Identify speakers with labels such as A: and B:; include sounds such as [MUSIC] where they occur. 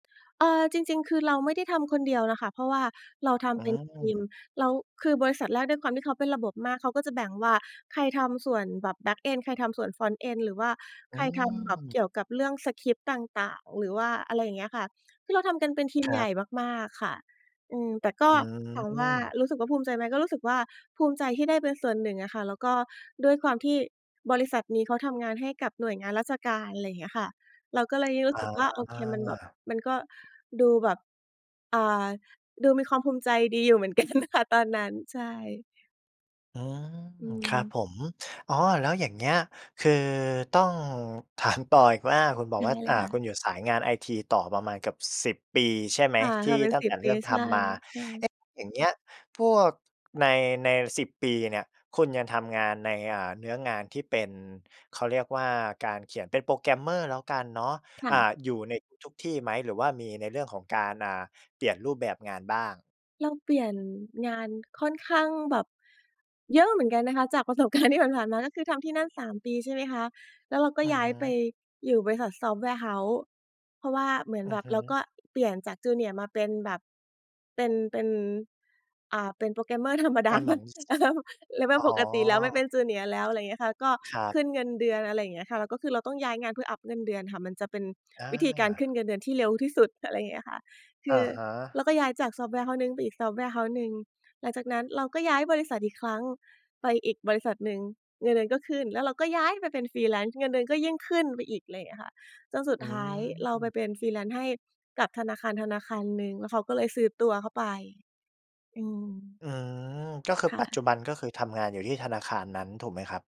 A: เออ จริง ๆ คือเราไม่ได้ทำคนเดียวน่ะค่ะ เพราะว่าเราท
B: อื
A: ำเป็นทีม
B: ม
A: แล้วคือบริษัทแรกด้วยความที่เขาเป็นระบบมาก เขาก็จะแบ่งว่า ใครทำส่วนแบบ Backend ใครทำส่วน Frontend หรือว่า
B: อื
A: ใครทำแบบ
B: ม
A: เกี่ยวกับเรื่องสกริปต์ต่าง ๆ หรือว่าอะไรอย่างเงี้ยอะค่ะ คือเราทำกันเป็นทีม
B: คร
A: ให
B: ั
A: ญ
B: บ
A: ่มาก ๆ ค่ะ อืม แต่ก
B: อ
A: ็
B: ื
A: ถามว่า
B: ม
A: รู้สึกว่าภูมิใจไหม? ก็รู้สึกว่าภูมิใจที่ได้เป็นส่วนหนึ่งอะค่ะ แล้วก็ด้วยความที่บริษัทนี้เขาทำงานให้กับหน่วยงานราชการ อะไรเงี้ยค่ะ เราก็เลยรู
B: อ
A: ้สึกว่า โอเคมันแบบ
B: า
A: มันก็ดูแบบ อ่า ดูมีความภูมิใจดีอยู่เหมือน กันอะนะคะ ตอนนั้น ใช่
B: อืม
A: อื
B: ครับ
A: ม
B: ผม อ๋อ แล้วอย่างเงี้ย คือต้อง ถาม ต่ออีกว่า คุณบ
A: ใ
B: อ
A: ช
B: ก
A: ่
B: ว่า
A: เล
B: อ่
A: ย
B: า
A: ค่ะ
B: คุณอยู่สายงาน IT ต่อประมาณเกือบ 10 ปีใช่ไหม?
A: ค่ะ
B: ที
A: ท
B: ่
A: ำเป็น
B: ตั้ง
A: ส
B: แ
A: ิ
B: ต
A: บ
B: ่เร
A: ป
B: ิ
A: ี
B: ่มท
A: ใช่
B: ำมา เ
A: ๆ
B: อ๊ะ อย่างเงี้ยพวกใน ใน 10 ปีเนี่ย คุณยังทำงานใน อ่า เนื้องานที่เป็น เขาเรียกว่าการเขียน เป็น Programmer แล้วกันเนาะ
A: ค่
B: อ่า
A: ะ
B: อยู่ในทุกที่ไหม หรือว่ามีในเรื่องของการ อ่า เปลี่ยนรูปแบบงานบ้าง?
A: เราเปลี่ยนงานค่อนข้างแบบเยอะเหมือนกันนะคะ จากประสบ การณ์ ที่ผ่าน ๆ มา ก็คือทำที่นั่น 3 ปีใช่ไหมคะ? แล้วเราก็
B: อือ
A: ย้า
B: ฮ
A: ยไป
B: ึ
A: อยู่บริษัท Software House เพราะว่าเหมือน
B: อื
A: แ
B: อ
A: บ
B: ฮ
A: บเรา
B: ึ
A: ก็เปลี่ยนจาก Junior มาเป็นแบบ เป็น เป็น อ่า เป็น Programmer ธรรมด
B: อ
A: า
B: า เห
A: เ
B: ม
A: หม
B: ื
A: ือ
B: อน
A: น อะเฮิม [CHUCKLES]
B: อ๋
A: level
B: อ
A: ปกติแล้ว ไม่เป็น Junior แล้ว อะไรเงี้ยค่ะ ก็
B: ครับ
A: ขึ้นเงินเดือน อะไรเงี้ยค่ะ แล้วก็คือเราต้องย้ายงานเพื่ออัปเงินเดือนค่ะ มันจะเป็น
B: อ
A: วิธีการขึ้น
B: า
A: เงินเดือนที่เร็วที่สุด อะไรอย่างเงี้ยค่ะ ค
B: อ
A: ื
B: ะ
A: อ
B: ฮ
A: เร
B: ะ
A: าก็ย้ายจาก Software House หนึ่งไปอีก Software House หนึ่ง หลังจากนั้นเราก็ย้ายบริษัทอีกครั้ง ไปอีกบริษัทหนึ่ง เงินเดือนก็ขึ้น แล้วเราก็ย้ายไปเป็น Freelance เงินเดือนก็ยิ่งขึ้นไปอีก อะไรเงี้ยค่ะ จนสุด
B: อื
A: ท้ายเราไป
B: ม
A: เป็น Freelance ให้กับธนาคาร ธนาคารหนึ่ง แล้วเขาก็เลยซื้อตัวเข้าไป อืม
B: อืม ก็คือ
A: ค่
B: ปัจจ
A: ะ
B: ุบัน ก็คือทำงานอยู่ที่ธนาคารนั้นถูกไหมครับ?